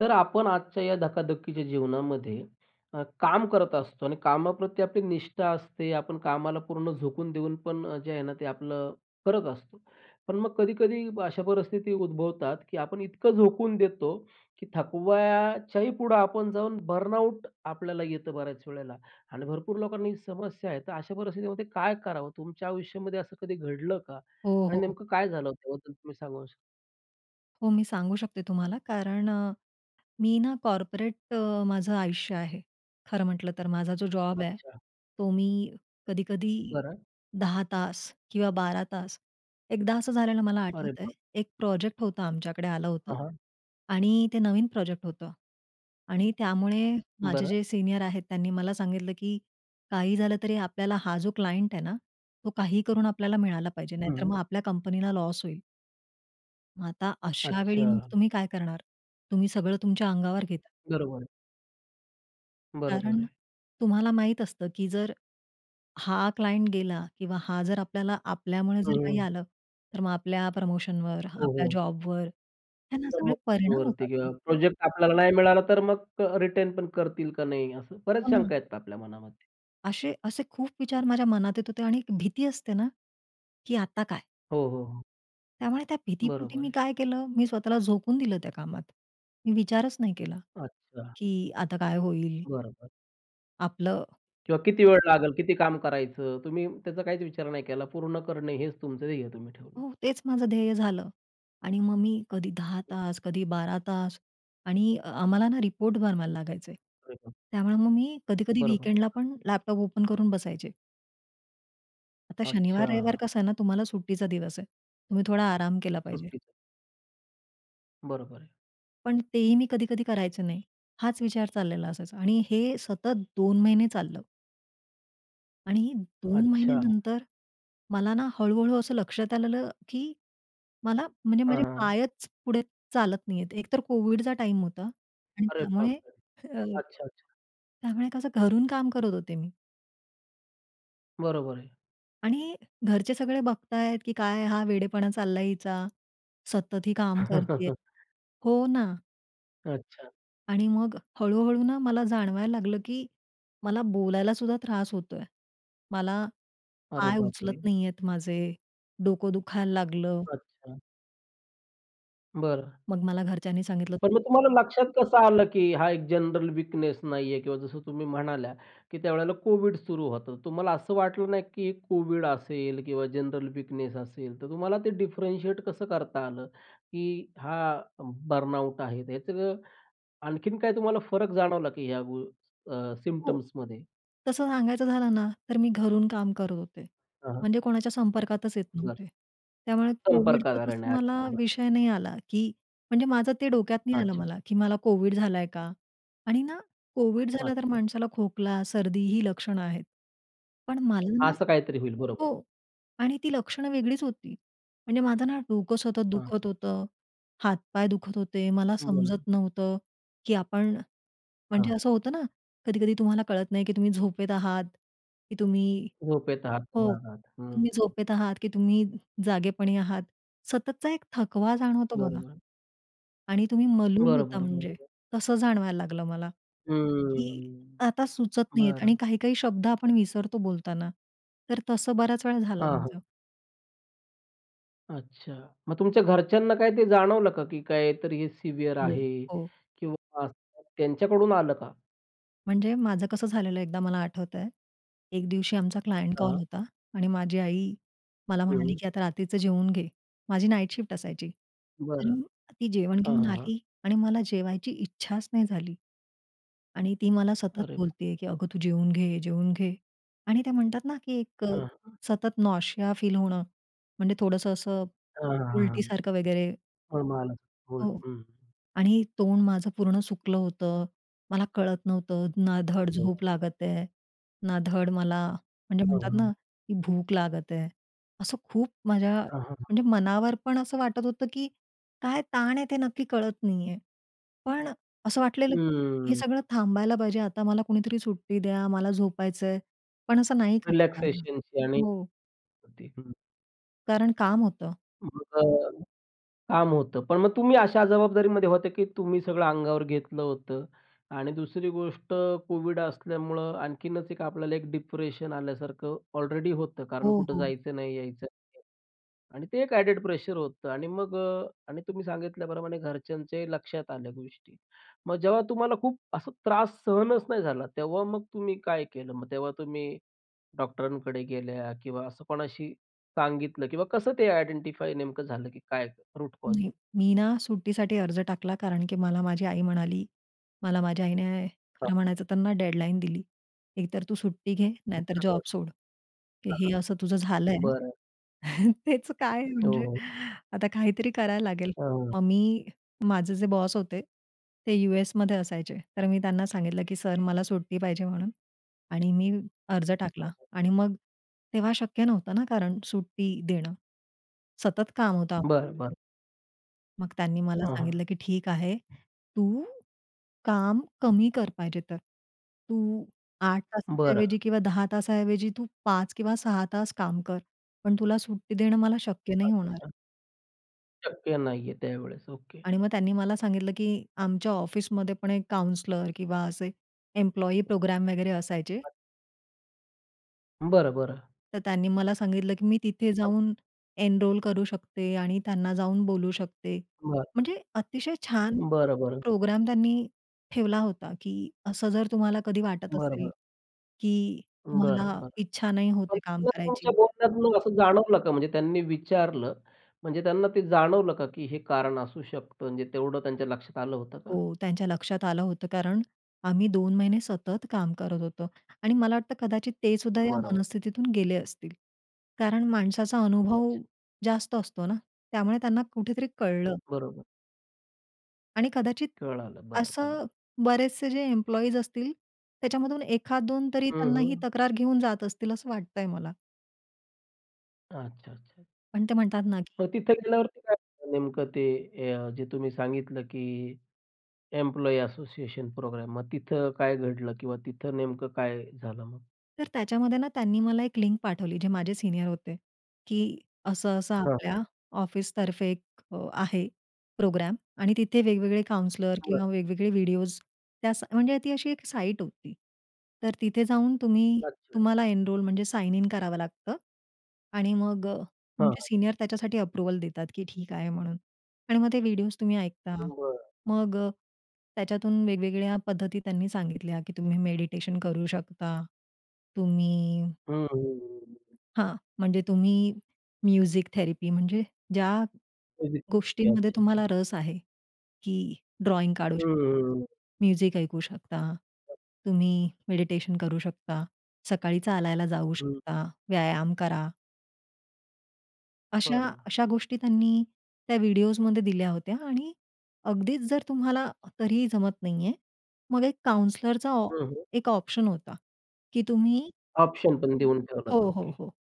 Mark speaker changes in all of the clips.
Speaker 1: तर आपण आजच्या या धकाधकीच्या जीवनामध्ये अ, काम करत असतो आणि कामाप्रती आपली निष्ठा असते. आपण कामाला पूर्ण झोकून देऊन पण अ, जे आहे ना, ते आपलं करत असतो. पण मग कधी-कधी अशा परिस्थिती उद्भवतात, की आपण इतकं झोकून देतो की थकवाच्याही पुढं आपण जाऊन, बर्नआउट आपल्याला येतं बऱ्याच वेळेला आणि भरपूर लोकांना ही समस्या आहे. तर अशा परिस्थितीमध्ये काय करावं? तुमच्या आयुष्यामध्ये असं कधी घडलं का?
Speaker 2: हो,
Speaker 1: आणि
Speaker 2: हो.
Speaker 1: नेमकं काय झालं त्याबद्दल तुम्ही सांगू शकता?
Speaker 2: हो, मी सांगू शकते तुम्हाला कारण अ, मी ना कॉर्पोरेट अ, माझं आयुष्य आहे. खरं म्हटलं तर माझा जो जॉब आहे,
Speaker 1: अच्छा.
Speaker 2: तो मी कधी-कधी
Speaker 1: बरं.
Speaker 2: 10 तास किंवा 12 तास. एकदा असं झालेलं मला
Speaker 1: अरे
Speaker 2: आठवतंय.
Speaker 1: बाप!
Speaker 2: एक प्रोजेक्ट होतं आमच्याकडे आलं होतं
Speaker 1: हां, हां.
Speaker 2: आणि ते नवीन प्रोजेक्ट होतं आणि त्यामुळे माझे
Speaker 1: बरं.
Speaker 2: जे सीनियर आहेत, त्यांनी मला सांगितलं, की काही झालं तरी आपल्याला हा जो क्लायंट आहे ना, तो काही करून आपल्याला मिळाला पाहिजे. नाहीतर
Speaker 1: हं.
Speaker 2: मग आपल्या कंपनीला लॉस होईल. मग आता अशावेळी मग
Speaker 1: अच्छा.
Speaker 2: तुम्ही काय करणार. तुम्ही सगळं तुमच्या अंगावर घेता.
Speaker 1: बरोबर आहे. बरोबर
Speaker 2: कारण
Speaker 1: आहे.
Speaker 2: तुम्हाला माहित असतं की जर हा क्लायंट गेला किंवा हा जर आपल्याला, आपल्यामुळे जर काही
Speaker 1: हं.
Speaker 2: आलं तर मग आपल्या प्रमोशनवर,
Speaker 1: हो,
Speaker 2: आपल्या
Speaker 1: हो.
Speaker 2: जॉबवर, ह्यानं सगळे
Speaker 1: चमक
Speaker 2: परिणाम
Speaker 1: भरते किंवा
Speaker 2: होतात.
Speaker 1: प्रोजेक्ट आपल्याला नाही मिळाला तर मग रिटर्न पण करतील का नाही असं. बऱ्याच
Speaker 2: हो ना.
Speaker 1: शंका आहेत आपल्या मनामध्ये.
Speaker 2: अशे असे खूप विचार माझ्या मनात येत होते आणि भीती असते ना, की आता काय?
Speaker 1: हो, हो, हो.
Speaker 2: त्यामुळे त्या भीतीपोटी
Speaker 1: बरोबर
Speaker 2: मी
Speaker 1: आहे.
Speaker 2: काय केलं. मी स्वतःला झोकून दिलं त्या कामात. मी विचारच नाही केला
Speaker 1: अच्छा.
Speaker 2: की आता काय होईल?
Speaker 1: बरोबर.
Speaker 2: आपलं
Speaker 1: किंवा किती वेळ लागेल, किती काम करायचं. तुम्ही त्याचा काहीच विचार नाही केला. पूर्ण करणे हेच तुमचं ध्येय तुम्ही ठेवलं.
Speaker 2: हो तेच माझं ध्येय झालं आणि मग मी कधी 10 तास, कधी 12 तास. आणि आम्हाला ना रिपोर्ट बनवायला लागायचे.
Speaker 1: अरे वाह!
Speaker 2: त्यामुळे मग मी कधी-कधी
Speaker 1: बरोबर.
Speaker 2: वीकेंडलापण लॅपटॉप ओपन करून बसायचे. आता
Speaker 1: अच्छा.
Speaker 2: शनिवार, रविवार
Speaker 1: हां.
Speaker 2: कसं आहे ना. तुम्हाला सुट्टीचा दिवस आहे. तुम्ही थोडा आराम केला पाहिजे.
Speaker 1: सुट्टीचा. बरोबर आहे.
Speaker 2: पण तेही मी कधी-कधी करायचं नाही. हाच विचार चाललेला असायचा. आणि हे सतत 2 महिने चाललं. आणि 2
Speaker 1: अच्छा.
Speaker 2: महिन्यानंतर मला ना हळू-हळू असं लक्षात आलेलं की, मला म्हणजे माझे
Speaker 1: हां, हां.
Speaker 2: पायच पुढे चालत नाहीहेत. एकतर कोव्हिडचा टाईम होता आणि
Speaker 1: अरे
Speaker 2: त्यामुळे
Speaker 1: बापरे!
Speaker 2: अ,
Speaker 1: अच्छा-अच्छा.
Speaker 2: त्यामुळे कसं घरून काम करत होते मी.
Speaker 1: बरोबर आहे.
Speaker 2: आणि घरचे सगळे बघतायत की काय हा वेडेपणा चाललाय हिचा. सतत ही काम करतेय. हो ना.
Speaker 1: अच्छा.
Speaker 2: आणि मग हळू-हळू ना, मला जाणवायला लागलं की मला बोलायला सुद्धा त्रास होतोय. मला
Speaker 1: अरे
Speaker 2: पाय उचलत
Speaker 1: बापरे!
Speaker 2: नाहीहेत माझे, डोकं दुखायला लागलं.
Speaker 1: अच्छा. बरं.
Speaker 2: मग मला घरच्यांनी सांगितलं
Speaker 1: पण
Speaker 2: की
Speaker 1: मग तुम्हाला लक्षात कसं आलं की हा एक जनरल वीकनेस नाही आहे. किंवा जसं तुम्ही म्हणाल्या की, त्यावेळेला कोविड सुरू होतं. तुम्हाला असं वाटलं नाही, की कोविड असेल किंवा जनरल वीकनेस असेल, तर तुम्हाला ते डिफ्रेंटशिएट कसं करता आलं? की हा बर्नआउट आहे. त्याचं आणखीन काय तुम्हाला फरक जाणवला की ह्या अ,
Speaker 2: हो,
Speaker 1: सिम्प्टम्समध्ये?
Speaker 2: तसं सांगायचं झालं ना, तर मी घरून काम करत होते.
Speaker 1: हां, हां.
Speaker 2: म्हणजे कोणाच्या संपर्कातच येत
Speaker 1: नक्की.
Speaker 2: नव्हते. त्यामुळे
Speaker 1: संपर्क
Speaker 2: कोव्हिडचं तसं
Speaker 1: करण्यात
Speaker 2: मला
Speaker 1: नाही आला.
Speaker 2: विषय नाही आला की, म्हणजे माझं ते डोक्यात नाही आलं
Speaker 1: अच्छा.
Speaker 2: मला की मला कोव्हिड झालाय का? आणि ना कोव्हिड झालं तर
Speaker 1: अच्छा.
Speaker 2: माणसाला खोकला, सर्दी ही लक्षणं आहेत. पण मला ना
Speaker 1: असं काहीतरी होईल. बरोबर.
Speaker 2: हो. आणि ती लक्षणं वेगळीच होती. म्हणजे माझं ना, डोकं सतत
Speaker 1: हां,
Speaker 2: दुखत
Speaker 1: हां.
Speaker 2: होतं. हात-पाय दुखत होते. मला
Speaker 1: बरोबर.
Speaker 2: समजत नव्हतं, की आपण
Speaker 1: हां.
Speaker 2: म्हणजे असं होतं ना, कधी-कधी तुम्हाला कळत नाही की तुम्ही झोपेत आहात, की तुम्ही
Speaker 1: झोपेत आहात तुम्ही
Speaker 2: हो.
Speaker 1: जागा आता. हं.
Speaker 2: तुम्ही झोपेत आहात की तुम्ही जागेपणी आहात. सततचा एक थकवा जाणवतो बघा.
Speaker 1: बरोबर.
Speaker 2: आणि तुम्ही मलूल
Speaker 1: बरं,
Speaker 2: होता
Speaker 1: बरं.
Speaker 2: म्हणजे.
Speaker 1: बरोबर.
Speaker 2: तसं जाणवायला लागलं मला की
Speaker 1: हम्म.
Speaker 2: आता सुचत नाहीहेत आणि
Speaker 1: बरं.
Speaker 2: काही-काही शब्द आपण विसरतो बोलताना. तर तसं बऱ्याच वेळा झालं
Speaker 1: हां, हां.
Speaker 2: माझं.
Speaker 1: अच्छा. मग तुमच्या घरच्यांना काय ते जाणवलं का की काहीतरी हे सिव्हिअर
Speaker 2: हो,
Speaker 1: आहे
Speaker 2: हो.
Speaker 1: किंवा [unintelligible] त्यांच्याकडून आलं का?
Speaker 2: म्हणजे माझं कसं झालेलं एकदा मला आठवतंय. एक दिवशी आमचा क्लायंट
Speaker 1: हां.
Speaker 2: कॉल होता आणि माझी आई मला म्हणाली
Speaker 1: हं.
Speaker 2: की आता रात्रीचं जेवून घे. माझी नाईट शिफ्ट असायची
Speaker 1: बरं.
Speaker 2: आणि ती जेवण
Speaker 1: हां,
Speaker 2: घेऊन
Speaker 1: हां, हां.
Speaker 2: आली आणि मला जेवायची इच्छाच नाही झाली आणि ती मला सतत
Speaker 1: अरे वाह!
Speaker 2: बोलते की "अगं तू जेवून घे, जेवून घे" आणि त्या म्हणतात ना, की एक अ,
Speaker 1: हां.
Speaker 2: सतत नॉशिया फील होणं. म्हणजे थोडंसं असं
Speaker 1: हां, हां,
Speaker 2: उलटीसारखं वगैरे
Speaker 1: हां, हां. [unintelligible] हं,
Speaker 2: हो.
Speaker 1: हं.
Speaker 2: आणि तोंड माझं पूर्ण सुकलं होतं मला कळत नव्हतं. ना धड
Speaker 1: पुढे काय?
Speaker 2: झोप लागत आहे, ना धड मला म्हणजे
Speaker 1: हां,
Speaker 2: म्हणतात ना,
Speaker 1: हां.
Speaker 2: की भूक लागत आहे. असं खूप माझ्या
Speaker 1: हां, हां.
Speaker 2: म्हणजे मनावर पण असं वाटत होतं, की काय ताण आहे, ते नक्की कळत नाही आहे. पण अ, असं वाटलेलं की हे
Speaker 1: हम्म.
Speaker 2: सगळं थांबायला पाहिजे आता मला कुणीतरी सुट्टी द्या. मला झोपायचं आहे, पण असं नाही करता आलं.
Speaker 1: रिलॅक्सेशनची आणि
Speaker 2: हो.
Speaker 1: [unintelligible]
Speaker 2: कारण काम होतं.
Speaker 1: तुमचं काम होतं पण मग तुम्ही अशा जबाबदारीमध्ये होते की तुम्ही सगळं अंगावर घेतलं होतं आणि दुसरी गोष्ट कोविड असल्यामुळं आणखीनच एक आपल्याला एक डिप्रेशन आल्यासारखं ऑलरेडी होतं, कारण
Speaker 2: हो,
Speaker 1: कुठं
Speaker 2: हो.
Speaker 1: जायचं नाही, यायचं नाही आणि ते एक ॲडेड प्रेशर होतं आणि मग अ, आणि तुम्ही सांगितल्याप्रमाणे घरच्यांच्याही लक्षात आल्या गोष्टी. मग जेव्हा तुम्हाला खूप असा त्रास सहनच नाही झाला, तेव्हा मग तुम्ही काय केलं? मग तेव्हा तुम्ही डॉक्टरांकडे गेल्या किंवा असं कोणाशी सांगितलं किंवा कसं ते आयडेंटिफाय नेमकं झालं की काय रूट कॉज?
Speaker 2: नाही, मी ना सुट्टीसाठी अर्ज टाकला, कारण की मला माझी आई म्हणाली, मला माझ्या आईने खरं
Speaker 1: हां.
Speaker 2: म्हणायचं त्यांना डेडलाईन दिली. "एक तर तू सुट्टी घे, नाही तर जॉब
Speaker 1: [unintelligible]
Speaker 2: सोड."
Speaker 1: हां,
Speaker 2: हे
Speaker 1: हां.
Speaker 2: असं तुझं झालं
Speaker 1: बरं.
Speaker 2: आहे. तेच काय
Speaker 1: हो,
Speaker 2: म्हणजे
Speaker 1: हो.
Speaker 2: आता काहीतरी करायला लागेल.
Speaker 1: हां.
Speaker 2: मग मी माझे जे बॉस होते. ते यू-एसमध्ये असायचे. तर मी त्यांना सांगितलं की सर मला सुट्टी पाहिजे म्हणून आणि मी अर्ज
Speaker 1: हां,
Speaker 2: टाकला.
Speaker 1: हां.
Speaker 2: आणि मग तेव्हा शक्य नव्हतं ना कारण सुट्टी देणं. सतत काम होतं
Speaker 1: बरं,
Speaker 2: आमच्याकडे.
Speaker 1: बरं.
Speaker 2: मग त्यांनी मला
Speaker 1: हां, हां.
Speaker 2: सांगितलं, की "ठीक आहे, तू काम कमी कर पाहिजे तर. तू 8 तासाच्या
Speaker 1: बरं.
Speaker 2: ऐवजी किंवा 10 तासाऐवजी तू 5 किंवा 6 तास काम कर. पण तुला सुट्टी देणं मला शक्य नाही होणार."
Speaker 1: अच्छा. शक्य नाहीये त्यावेळेसं. ओके.
Speaker 2: आणि मग त्यांनी मला सांगितलं, की आमच्या ऑफिसमध्ये पण एक काउंसलर किंवा असे एम्प्लॉयी प्रोग्राम वगैरे असायचे.
Speaker 1: अछा. बरं, बरं.
Speaker 2: तर त्यांनी मला सांगितलं की मी तिथे
Speaker 1: [unintelligible]
Speaker 2: जाऊन एनरोल करू शकते आणि त्यांना जाऊन बोलू शकते.
Speaker 1: बरं.
Speaker 2: म्हणजे अतिशय छान
Speaker 1: बरं, बरं.
Speaker 2: प्रोग्राम त्यांनी ठेवला होता, की असं जर तुम्हाला कधी वाटत
Speaker 1: बरं,
Speaker 2: असेल?
Speaker 1: बरं.
Speaker 2: की
Speaker 1: बरं,
Speaker 2: तुम्हाला
Speaker 1: बरं.
Speaker 2: इच्छा नाही होत
Speaker 1: पण
Speaker 2: आहे काम
Speaker 1: ते तुमच्या
Speaker 2: करायची
Speaker 1: बोलण्यातून असं जाणवलं का? म्हणजे त्यांनी विचारलं म्हणजे त्यांना ते जाणवलं का? की हे कारण असू शकतं. म्हणजे तेवढं त्यांच्या लक्षात आलं होतं का?
Speaker 2: हो, त्यांच्या लक्षात आलं होतं. कारण आम्ही 2 महिने सतत काम करत होतो. आणि मला वाटतं कदाचित ते सुद्धा या
Speaker 1: बरोबर.
Speaker 2: मनस्थितीतून गेले असतील. कारण माणसाचा अनुभव
Speaker 1: [unintelligible]
Speaker 2: जास्त असतो ना, त्यामुळे त्यांना कुठेतरी कळलं.
Speaker 1: बरोबर.
Speaker 2: आणि कदाचित
Speaker 1: कळालं. बरं, बरं.
Speaker 2: असं बरेचसे जे एम्प्लॉइज असतील, त्याच्यामधून एखाद-दोन तरी
Speaker 1: हं,
Speaker 2: त्यांना ही
Speaker 1: हं.
Speaker 2: तक्रार घेऊन जात असतील, असं वाटतं आहे मला.
Speaker 1: अच्छा, अच्छा.
Speaker 2: पण ते म्हणतात ना की
Speaker 1: मग तिथे गेल्यावरती काय झालं नेमकं ते अ, जे तुम्ही सांगितलं की एम्प्लॉयी असोसिएशन प्रोग्राम. मग तिथं काय घडलं किंवा तिथं नेमकं काय झालं मग?
Speaker 2: तर त्याच्यामध्ये ना, त्यांनी मला एक लिंक पाठवली जे माझे सीनियर होते की असं-असं
Speaker 1: हां,
Speaker 2: आपल्या
Speaker 1: हां.
Speaker 2: ऑफिसतर्फे एक अ, आहे प्रोग्राम आणि तिथे वेगवेगळे काउंसलर
Speaker 1: बरं.
Speaker 2: किंवा वेगवेगळे व्हिडिओज त्यास म्हणजे ती अशी एक साइट होती. तर तिथे जाऊन तुम्ही
Speaker 1: अच्छा.
Speaker 2: तुम्हाला एनरोल म्हणजे साइन इन करावं लागतं आणि मग अ,
Speaker 1: हां.
Speaker 2: तुमचे सीनियर त्याच्यासाठी अप्रूव्हल देतात की ठीक आहे म्हणून. आणि मग ते व्हिडिओज तुम्ही ऐकता.
Speaker 1: बरं.
Speaker 2: मग अ, त्याच्यातून वेगवेगळ्या पद्धती त्यांनी सांगितल्या की तुम्ही मेडिटेशन करू शकता. तुम्ही
Speaker 1: हं, हं, हं, हं.
Speaker 2: हां, म्हणजे तुम्ही म्युझिक थेरपी म्हणजे ज्या
Speaker 1: म्युझिक थेरपी,
Speaker 2: गोष्टींमध्ये
Speaker 1: अच्छा, अच्छा.
Speaker 2: तुम्हाला रस आहे की ड्रॉइंग काढू
Speaker 1: हं,
Speaker 2: शकता.
Speaker 1: हं, हं.
Speaker 2: म्युझिक ऐकू शकता.
Speaker 1: हां.
Speaker 2: तुम्ही मेडिटेशन करू शकता. सकाळी चालायला जाऊ
Speaker 1: हं.
Speaker 2: शकता, व्यायाम करा. अशा
Speaker 1: बरं.
Speaker 2: अशा गोष्टी त्यांनी त्या व्हिडिओजमध्ये दिल्या होत्या. आणि अगदीचं जर तुम्हाला तरी ही जमत नाही आहे. मग एक काउंसलरचा ऑ
Speaker 1: हं, हं.
Speaker 2: एक ऑप्शन होता. की तुम्ही
Speaker 1: ऑप्शन पण देऊन ठेवलंत.
Speaker 2: हो, हो,
Speaker 1: ओके.
Speaker 2: हो.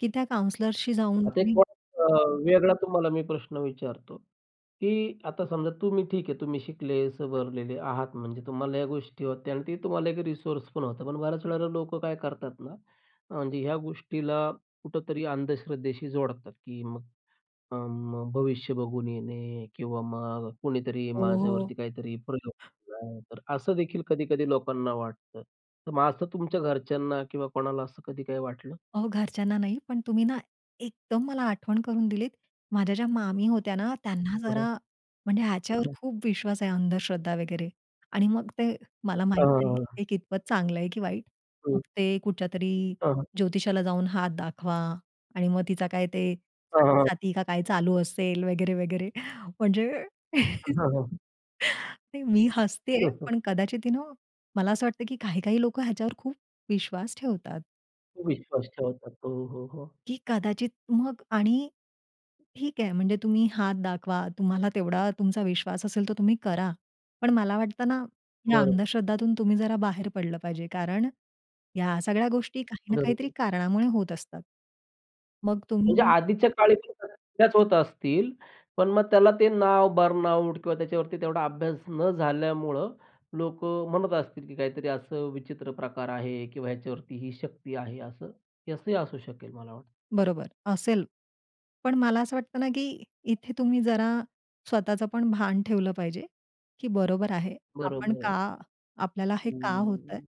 Speaker 2: की त्या काउंसलरशी जाऊन
Speaker 1: आता एक
Speaker 2: तुम्ही
Speaker 1: अ, वेगळा तुम्हाला मी प्रश्न विचारतो. की आता समजा तुम्ही ठीक आहे तुम्ही शिकले, सवरलेले आहात. म्हणजे तुम्हाला या गोष्टी होत्या आणि ते तुम्हाला एक रिसोर्स पण होता. पण बऱ्याच वेळेला लोकं काय करतात ना, म्हणजे ह्या गोष्टीला कुठेतरी अंधश्रद्धेशी जोडतात. की मग अं, भविष्य बघून येणे किंवा मग कोणीतरी
Speaker 2: ओ, हो.
Speaker 1: माझ्यावरती काहीतरी प्रयोग केला आहे. तर असं देखील कधी-कधी लोकांना वाटतं. तर मग असं तुमच्या घरच्यांना किंवा कोणाला असं कधी काही वाटलं?
Speaker 2: अहो, घरच्यांना नाही, पण तुम्ही ना एकदम मला आठवण करून दिलीत. माझ्या ज्या मामी होत्या ना, त्यांना
Speaker 1: हां, हां.
Speaker 2: जरा म्हणजे ह्याच्यावर
Speaker 1: हं, हं.
Speaker 2: खूप विश्वास आहे अंधश्रद्धा वगैरे. आणि मग ते मला
Speaker 1: हां,
Speaker 2: माहीत
Speaker 1: हां,
Speaker 2: नाही
Speaker 1: हां.
Speaker 2: हे कितपत चांगलं आहे की वाईट. मग
Speaker 1: हं.
Speaker 2: ते कुठल्या तरी
Speaker 1: हां, हां.
Speaker 2: ज्योतिषाला जाऊन हात दाखवा. आणि मग तिचा काय ते
Speaker 1: हां, हां,
Speaker 2: साडे
Speaker 1: हां.
Speaker 2: साती का काय चालू असेल? वगैरे, वगैरे म्हणजे
Speaker 1: हं, हां, हां.
Speaker 2: नाही, मी हसते
Speaker 1: हं,
Speaker 2: आहे.
Speaker 1: हं.
Speaker 2: पण कदाचित यू नो मला असं वाटतं की, काही, काही लोकं ह्याच्यावर खूप विश्वास ठेवतात.
Speaker 1: खूप विश्वास ठेवतात. हो, हो, हो.
Speaker 2: की कदाचित, मग आणि ठीक आहे म्हणजे तुम्ही हात दाखवा, तुम्हाला तेवढा तुमचा विश्वास असेल तर तुम्ही करा. पण मला वाटतं ना, या
Speaker 1: बरं.
Speaker 2: अंधश्रद्धातून तुम्ही जरा बाहेर पडलं पाहिजे. कारण या सगळ्या गोष्टी काही ना काहीतरी
Speaker 1: बरोबर.
Speaker 2: कारणामुळे होत असतात. मग
Speaker 1: म्हणजे
Speaker 2: तुम्ही
Speaker 1: आधीच्या काळी ते करतच होत असतील, पण मग त्याला ते नाव बर्नआउट किंवा त्याच्यावरती तेवढा अभ्यास न झाल्यामुळं लोक म्हणत असतील, की काहीतरी असं विचित्र प्रकार आहे किंवा ह्याच्यावरती ही शक्ती आहे असं. हे असंही असू शकेल मला वाटतं.
Speaker 2: बरोबर असेल, पण मला असं वाटतं ना, की इथे तुम्ही जरा स्वतःचं पण भान ठेवलं पाहिजे, की बरोबर आहे. आपण
Speaker 1: बरोबर आहे.
Speaker 2: का? आपल्याला हे का होतंय?
Speaker 1: हम्म.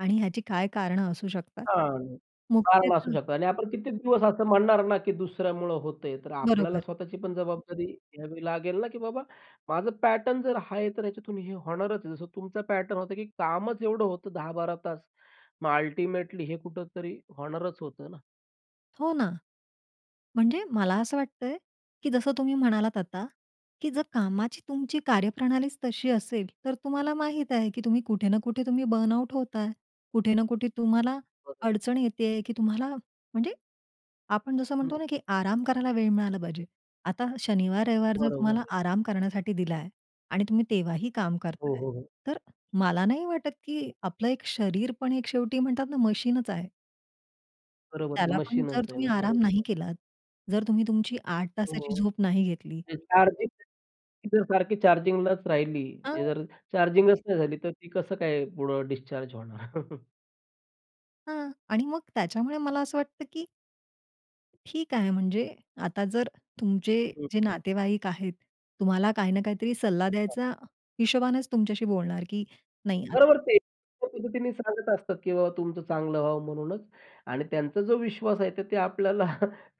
Speaker 2: आणि ह्याची काय कारणं असू शकतात?
Speaker 1: हां, कारणं असू
Speaker 2: मुख्यतः
Speaker 1: शकतात आणि आपण कित्येक दिवस असं म्हणणार ना, की दुसऱ्यामुळं होतं आहे. तर आपल्याला
Speaker 2: बरोबर.
Speaker 1: स्वतःची पण जबाबदारी घ्यावी लागेल ना की, "बाबा, माझं पॅटर्न जर हा आहे, तर ह्याच्यातून हे होणारच आहे." जसं तुमचा पॅटर्न होता की कामच एवढं होतं, 10-12 तास. मग अल्टिमेटली हे कुठेतरी होणारच होतं ना.
Speaker 2: हो ना. म्हणजे मला असं वाटतय, की जसं तुम्ही म्हणालात आता की जर कामाची तुमची कार्यप्रणालीच तशी असेल, तर तुम्हाला माहित आहे की तुम्ही कुठे ना कुठे तुम्ही बर्नआउट होताय. कुठे ना कुठे तुम्हाला
Speaker 1: बरोबर.
Speaker 2: अडचण येतीय, की तुम्हाला म्हणजे आपण जसं
Speaker 1: हं.
Speaker 2: म्हणतो ना की आराम करायला वेळ मिळाला पाहिजे. आता हा शनिवार-रविवार जर
Speaker 1: बरोबर
Speaker 2: तुम्हाला
Speaker 1: आहे.
Speaker 2: आराम करण्यासाठी दिला आहे आणि तुम्ही तेव्हाही काम
Speaker 1: हो,
Speaker 2: करताय,
Speaker 1: हो, हो.
Speaker 2: तर मला नाही वाटत, की आपलं एक शरीर पण एक शेवटी म्हणतात ना मशीनच आहे
Speaker 1: बरोबर.
Speaker 2: त्याला पण जर
Speaker 1: मशीनच आहे
Speaker 2: तुम्ही
Speaker 1: ना,
Speaker 2: आराम
Speaker 1: बरोबर
Speaker 2: नाही
Speaker 1: आहे.
Speaker 2: केलात, जर तुम्ही तुमची 8 तासाची
Speaker 1: हो.
Speaker 2: झोप नाही घेतली
Speaker 1: ते चार्जिंगच [unintelligible] ती जर सारखी चार्जिंगलाच राहिली,
Speaker 2: अ
Speaker 1: म्हणजे जर चार्जिंगच नाही झाली, तर ती कसं काय पुढं डिस्चार्ज होणार?
Speaker 2: हं. आणि मग त्याच्यामुळे मला असं वाटतं की ठीक आहे, म्हणजे आता जर तुमचे
Speaker 1: हं,
Speaker 2: जे
Speaker 1: हं.
Speaker 2: नातेवाईक आहेत, तुम्हाला काही ना काहीतरी सल्ला
Speaker 1: हां.
Speaker 2: द्यायचा हिशोबानेच तुमच्याशी बोलणार की नाही आता
Speaker 1: बरोबर,
Speaker 2: नाही
Speaker 1: ते एका पद्धतीने सांगत असतात की बाबा तुमचं चांगलं व्हावं म्हणूनच आणि त्यांचा जो विश्वास आहे, तर ते आपल्याला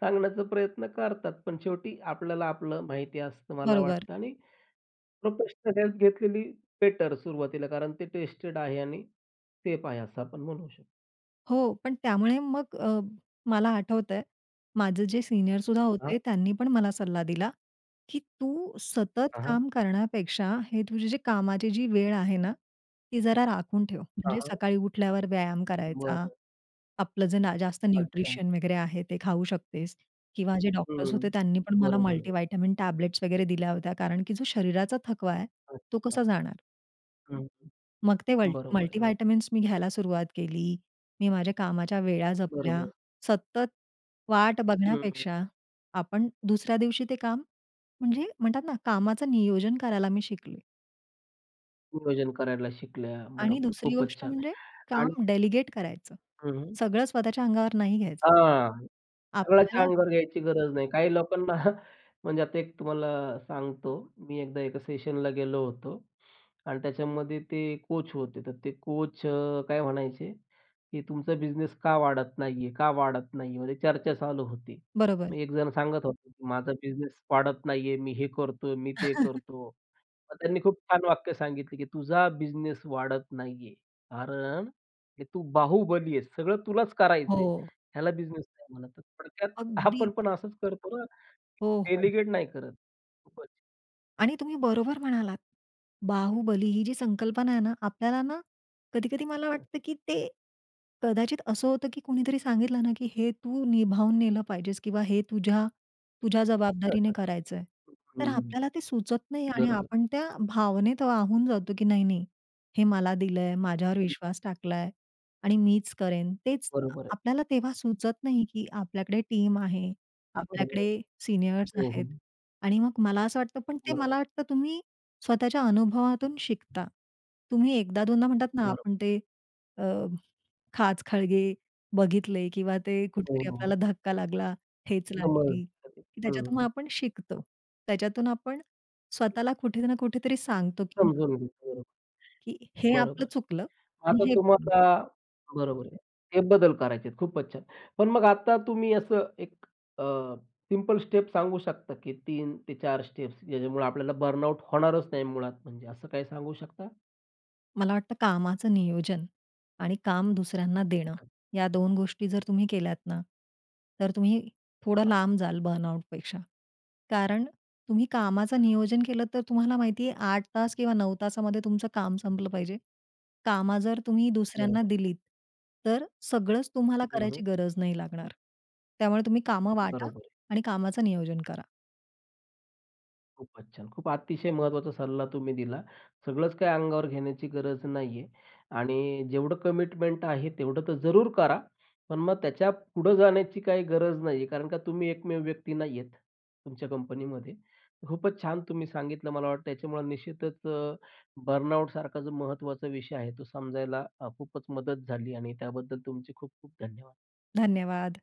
Speaker 1: सांगण्याचा प्रयत्न करतात. पण शेवटी आपल्याला आपलं माहिती असतं मला
Speaker 2: बरोबर.
Speaker 1: वाटतं आणि प्रोफेशनल हेल्प घेतलेली बेटर सुरुवातीला कारण ते टेस्टेड आहे आणि सेफ आहे असं आपण म्हणू शकतो.
Speaker 2: हो, पण त्यामुळे मग अ, मला आठवतं आहे माझे जे सीनियर सुद्धा
Speaker 1: हां.
Speaker 2: होते त्यांनी पण मला सल्ला दिला की, "तू सतत
Speaker 1: हां, हां.
Speaker 2: काम करण्यापेक्षा हे तुझ्या कामाची जी वेळ आहे ना, ती जरा राखून ठेव.
Speaker 1: हां,
Speaker 2: म्हणजे
Speaker 1: हां.
Speaker 2: सकाळी उठल्यावर व्यायाम करायचा,
Speaker 1: बरं.
Speaker 2: आपलं जे ना जास्त
Speaker 1: अच्छा.
Speaker 2: न्यूट्रिशन वगैरे आहे ते खाऊ शकतेस" किंवा जे डॉक्टर्स
Speaker 1: हं,
Speaker 2: होते त्यांनी पण मला
Speaker 1: बरोबर.
Speaker 2: मल्टीव्हिटॅमिन टॅबलेट्स वगैरे दिल्या होत्या कारण की जो शरीराचा थकवा आहे तो
Speaker 1: अच्छा.
Speaker 2: कसा जाणार?
Speaker 1: हं,
Speaker 2: मग ते
Speaker 1: हं,
Speaker 2: मल
Speaker 1: बरोबर, बरोबर.
Speaker 2: मल्टीव्हिटॅमिन मी घ्यायला सुरुवात केली. मी माझ्या कामाच्या वेळा जपल्या.
Speaker 1: बरोबर.
Speaker 2: सतत वाट
Speaker 1: हं.
Speaker 2: बघण्यापेक्षा आपण दुसऱ्या दिवशी ते काम म्हणजे म्हणतात ना कामाचं नियोजन करायला मी शिकली.
Speaker 1: नियोजन करायला शिकल्या
Speaker 2: आणि
Speaker 1: बरोबर,
Speaker 2: दुसरी
Speaker 1: खूपच
Speaker 2: गोष्ट
Speaker 1: छान
Speaker 2: म्हणजे
Speaker 1: आणि
Speaker 2: काम डेलिगेट करायचं.
Speaker 1: हं.
Speaker 2: सगळं स्वतःच्या अंगावर नाही घ्यायचं.
Speaker 1: हां, सगळ्याच्या
Speaker 2: आपल्याला
Speaker 1: अंगावर घ्यायची गरज नाही. काही लोकांना म्हणजे आता एक तुम्हाला सांगतो. मी एकदा एका सेशनला गेलो होतो आणि त्याच्यामध्ये ते कोच होते तर ते कोच अ, काय म्हणायचे की, "तुमचा बिझनेस का वाढत नाही आहे? का वाढत नाही आहे?" म्हणजे चर्चा चालू होती.
Speaker 2: बरोबर.
Speaker 1: मी एकजण सांगत होतो की, "माझा बिझनेस वाढत नाही आहे, मी हे करत आहे, मी ते करतो." मग त्यांनी खूप छान वाक्य सांगितलं की, "तुझा बिझनेस वाढत नाही आहे. कारण हे तू बाहुबली आहेस सगळं तुलाच करायचं आहे,
Speaker 2: हो.
Speaker 1: ह्याला बिझनेस नाही म्हणत." थोडक्यात
Speaker 2: अगदी.
Speaker 1: आपण पण असच करतो ना,
Speaker 2: हो, हो, हो.
Speaker 1: डेलिगेट नाही करत खुपचं.
Speaker 2: आणि तुम्ही बरोबर म्हणालात. बाहुबली ही जी संकल्पना आहे ना, आपल्याला ना कधी-कधी मला
Speaker 1: हं.
Speaker 2: वाटतं, की ते कदाचित असं होतं की कोणीतरी सांगितलं ना की हे तू निभावून नेलं पाहिजेस किंवा हे तुझ्या, तुझ्या जबाबदारीने
Speaker 1: हं, हं,
Speaker 2: करायचंय. तर
Speaker 1: हं, हं.
Speaker 2: आपल्याला ते सुचत नाही आणि
Speaker 1: बरोबर.
Speaker 2: आपण त्या भावनेत वाहून जातो, की "नाही-नाही, हे मला दिलंय. माझ्यावर
Speaker 1: हं.
Speaker 2: विश्वास टाकलाय आणि मीच करेन." तेच
Speaker 1: बरोबर आहे.
Speaker 2: आपल्याला तेव्हा सुचत नाही की आपल्याकडे टीम आहे,
Speaker 1: बरोबर आहे.
Speaker 2: आपल्याकडे सीनियर्स
Speaker 1: हो,
Speaker 2: आहेत.
Speaker 1: हो.
Speaker 2: आणि मग मला असं वाटतं पण ते
Speaker 1: बरोबर.
Speaker 2: मला वाटतं तुम्ही स्वतःच्या अनुभवातून शिकता. तुम्ही एकदा दोनदा म्हणतातना
Speaker 1: बरोबर.
Speaker 2: आपण ते अ, खाचखळगे बघितले किंवा ते
Speaker 1: हो,
Speaker 2: कुठेतरी
Speaker 1: हो.
Speaker 2: आपल्याला धक्का लागला, ठेच
Speaker 1: कामावर
Speaker 2: लागली
Speaker 1: असतं ते.
Speaker 2: की त्याच्यातून मग
Speaker 1: हं.
Speaker 2: आपण शिकतो. त्याच्यातून आपण स्वतःला कुठे ना कुठेतरी सांगतो की हां
Speaker 1: समजून घेतो.
Speaker 2: की हे
Speaker 1: बरोबर.
Speaker 2: आपलं चुकलं आणि
Speaker 1: आता
Speaker 2: हे
Speaker 1: तुम्हाला बरोबर आहे. ते बदल करायचेत. खूपच छान! पण मग आता तुम्ही असं एक अ, सिंपल स्टेप सांगू शकता की 3 ते 4 स्टेप्स ज्याच्यामुळे आपल्याला बर्नआउट होणारच नाही मुळात, म्हणजे असं काही सांगू शकता?
Speaker 2: मला वाटतं कामाचं नियोजन. आणि काम दुसऱ्यांना देणं
Speaker 1: हां.
Speaker 2: या दोन गोष्टी जर तुम्ही केल्यात ना, तर तुम्ही थोडं
Speaker 1: हां.
Speaker 2: लांब जाल बर्नआउटपेक्षा. कारण तुम्ही कामाचं
Speaker 1: छान.
Speaker 2: नियोजन केलत तर तुम्हाला माहिती आहे 8 तास किंवा 9 तासामध्ये तुमचं काम संपलं पाहिजे. कामं जर तुम्ही
Speaker 1: बरोबर
Speaker 2: दुसऱ्यांना
Speaker 1: आहे.
Speaker 2: दिलीत, तर सगळंच तुम्हाला
Speaker 1: हं, हं.
Speaker 2: करायची गरज नाही लागणार. त्यामुळे तुम्ही कामं वाटा
Speaker 1: बरोबर आहे.
Speaker 2: आणि कामाचं नियोजन करा.
Speaker 1: खूपच छान! खूप अतिशय महत्त्वाचा सल्ला तुम्ही दिला. सगळंच काही अंगावर घेण्याची गरज नाहीये आणि जेवढं कमिटमेंट आहे तेवढं तर जरूर करा, पण मग त्याच्या पुढे जाण्याची काही गरज नाहीये कारण का तुम्ही एकमेव व्यक्ती नाहीयेत तुमच्या कंपनीमध्ये. खूपच छान तुम्ही सांगितलं. मला वाटतं त्याच्यामुळे निश्चितच अ, बर्नआउटसारखा जो महत्त्वाचा विषय आहे, तो समजायला अ, खूपच मदत झाली आणि त्याबद्दल तुमचे खूप-खूप धन्यवाद.
Speaker 2: धन्यवाद.